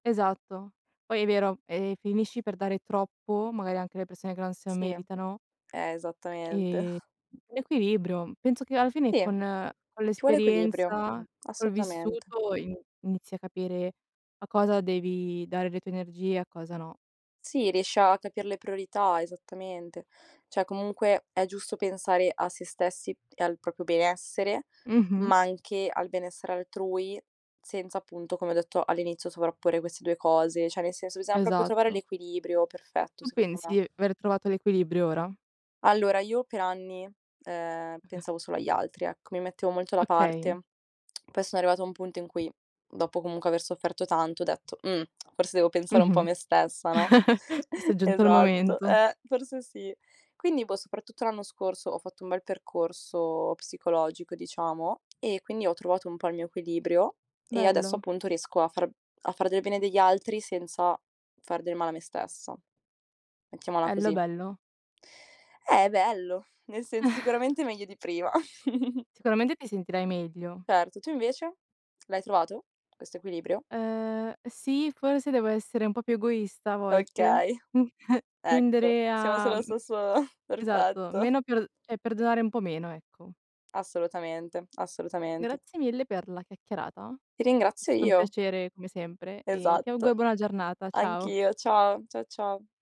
Esatto. Poi è vero e finisci per dare troppo, magari anche alle persone che non se lo Sì, eh. meritano Esattamente. ehm, l'equilibrio. Penso che alla fine Sì, con con ci vuole equilibrio, l'esperienza, col assolutamente. vissuto ini inizi a capire a cosa devi dare le tue energie, a cosa no. Sì, riesci a capir le priorità, esattamente. Cioè, comunque è giusto pensare a se stessi e al proprio benessere, Mh-mh. ma anche al benessere altrui senza, appunto, come ho detto all'inizio, sovrapporre queste 2 cose. Cioè, nel senso, bisogna proprio trovare Esatto. l'equilibrio perfetto Tu secondo pensi di me. aver trovato l'equilibrio ora? Allora, io per anni, ehm, [unintelligible] pensavo solo agli altri, ecco. Mi mettevo molto da Okay. parte. Poi sono arrivata a un punto in cui, dopo comunque aver sofferto tanto, ho detto: "Mh, forse devo pensare un po' a Mh-mh. me stessa, no?" Forse è giunto il Esatto, momento. eh, forse sì. Quindi poi, soprattutto l'anno scorso, ho fatto un bel percorso psicologico diciamo e quindi ho trovato un po' il mio equilibrio, e adesso Bello. appunto riesco a far a fare del bene degli altri senza far del male a me stessa. Mettiamola Ello, così. bello. Eh, è bello, nel senso sicuramente meglio di prima. Sicuramente ti sentirai meglio. Certo, tu invece, l'hai trovato questo equilibrio? Uhm sì, forse devo essere un po' più egoista a volte, Okay, mh, ecco, tendere siamo a, sullo mhmm stesso esatto, perfetto. meno per cioè perdonare un po' meno, ecco. Assolutamente, assolutamente. Grazie mille per la chiacchierata. Ti È ringrazio stato un io. piacere come sempre e ti auguro Esatto. una buona giornata, ciao. Anch'io. Ciao, cia ciao.